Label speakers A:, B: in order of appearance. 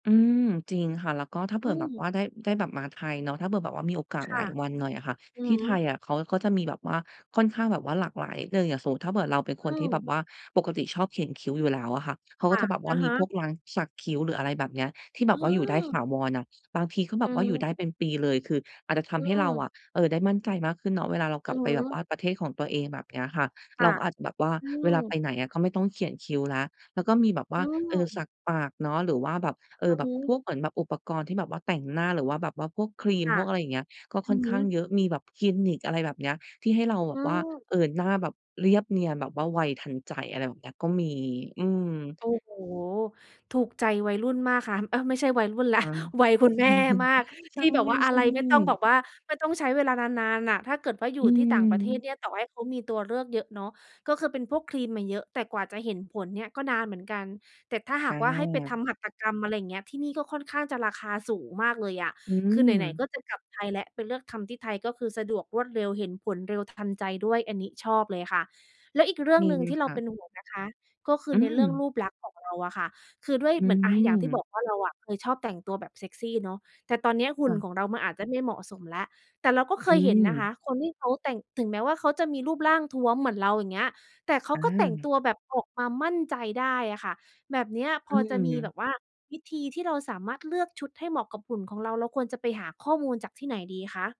A: อืม จริงค่ะ แล้วก็ถ้าเผ
B: อ
A: ื
B: ื
A: ่อแบบว
B: ม
A: ่าได้ ได้แบบมาไทยเนาะ ถ้าเผื่อแบบว่ามีโอกาส
B: ค่
A: หล
B: ะ
A: ายวันหน่อยค่ะ
B: อื
A: ท
B: อ
A: ี่
B: ฮ
A: ไ
B: ึ
A: ทยอะเขาก็จะมีแบบว่าค่อนข้างแบบว่าหลากหลายเลย อย่างสมมุติถ้าเผื่อเราเป็นค
B: อ
A: นที่แบ
B: ือ
A: บว่าปกติชอบเขียนคิ้วอยู่แล้วอะค่ะ เขา
B: ค
A: ก็
B: ่ะ
A: จะแบบว่
B: อ
A: า
B: ะ
A: ม
B: ฮ
A: ี
B: ะ
A: พวกร้านสักคิ้ว หรืออะไรแบบเนี้ย ที่แบ
B: อื
A: บว่าอยู่ได้ถา
B: อ
A: วรอะ บางทีก็แบ
B: อื
A: บว่าอยู่
B: อ
A: ได้เป็นปีเลย คืออาจจะท
B: อื
A: ำให้เรา
B: อ
A: อะ เออ ได้มั่นใจมากขึ้นเนาะ เวลาเราก
B: อื
A: ลับ
B: อ
A: ไป
B: ฮ
A: แบบ
B: ึ
A: ว่าประเทศของตัวเองแบบเนี้ยค่ะ
B: ค
A: เ
B: ่
A: รา
B: ะ
A: ก็อาจจะแบบว่า
B: อื
A: เวลาไป
B: อ
A: ไหนอะ ก็ไม่ต้องเขียนคิ้วแล้ว แล้วก็มีแบบว่
B: อ
A: า
B: ื
A: เออ ส
B: อ
A: ักปากเนาะ หรือว่าแบบ เอ
B: อ
A: อ
B: ือ
A: แบ
B: ฮ
A: บพ
B: ึ
A: วกเหมือนแบบอุปกรณ์ที่แบบว่าแต่งหน้า หรือว่าแบบว่าพวกครีม
B: ค่
A: พ
B: ะ
A: วกอะไรอย่างเงี้ย ก็
B: อ
A: ค
B: ื
A: ่อ
B: อ
A: น
B: ฮ
A: ข้าง
B: ึ
A: เยอะ มีแบบคลินิก อะไรแบบเนี้ย ที่ให้เราแบ
B: อื
A: บว่า
B: อ
A: เอ่อ หน้าแบบเรียบเนียนแบบว่าไวทันใจ อะไรแบบนี้ ก็มี อืม
B: โอ้โฮ ถูกใจวัยรุ่นมากค่ะ เอ๊ย ไม่ใช่วัยรุ่นแล้
A: อ
B: ว
A: า
B: วัยคุณแม่มาก
A: ใช
B: ท
A: ่
B: ี่แบบว่าอะไร ไม่ต้องแบ
A: ๆ
B: บว่า ไม่ต้องใช้เวลานาน ๆ น่ะ ถ้าเกิดว่าอย
A: อื
B: ู่ที่ต่างประเทศ
A: ม
B: เนี่ย ต่อให้เขามีตัวเลือกเยอะเนาะ ก็คือเป็นพวกครีมอะเยอะ แต่กว่าจะเห็นผลเนี่ยก็นานเหมือนกัน แต่ถ้าห
A: อ
B: ากว่า ให้ไปท
A: า
B: ำหัตถกรรม อะไรเงี้ย ที่นี่ก็ค่อนข้างจะราคาสูงมากเลยอะ
A: อื
B: คือไหน ๆ
A: ม
B: ก็จะกลับไทยแล้ว ไปเลือกทำที่ไทยก็คือสะดวกรวดเร็วเห็นผลเร็วทันใจด้วย อันนี้ชอบเลยค่ะ แล้วอีกเรื่อ
A: ม
B: ง
A: ี
B: หนึ่งที่เ
A: ค
B: รา
A: ่
B: เป
A: ะ
B: ็นห่วงนะคะ ก็คื
A: อ
B: อ
A: ื
B: ในเรื่อง
A: ม
B: รูปลักษณ์ของเราอะค่ะ คือด้วย
A: อื
B: เหมือน อา อย่างที่บ
A: ม
B: อกว่า เราอะเคยชอบแต่งตัวแบบเซ็กซีเนาะ แต่ตอนเนี้ยห
A: ค
B: ุ่
A: ่
B: น
A: ะ
B: ของเรามันอาจจะไม่เหมาะสมแล้ว แต่เราก็เค
A: อื
B: ยเห็นนะ
A: ม
B: คะ คนที่เขาแต่ง ถึงแม้ว่าเขาจะมีรูปร่างท้วมเหมือนเรา อย่างเงี้ย แต่เขา
A: อ
B: ก็แต่ง
A: า
B: ตัวแบบออกมามั่นใจได้อะค่ะ แบบเนี้ย
A: อ
B: พ
A: ื
B: อจะมีแบ
A: ม
B: บว่า วิธีที่เราสามารถเลือกชุดให้เหมาะกับหุ่นของเรา เราควรจะไปหาข้อมูลจากที่ไหนดีคะ?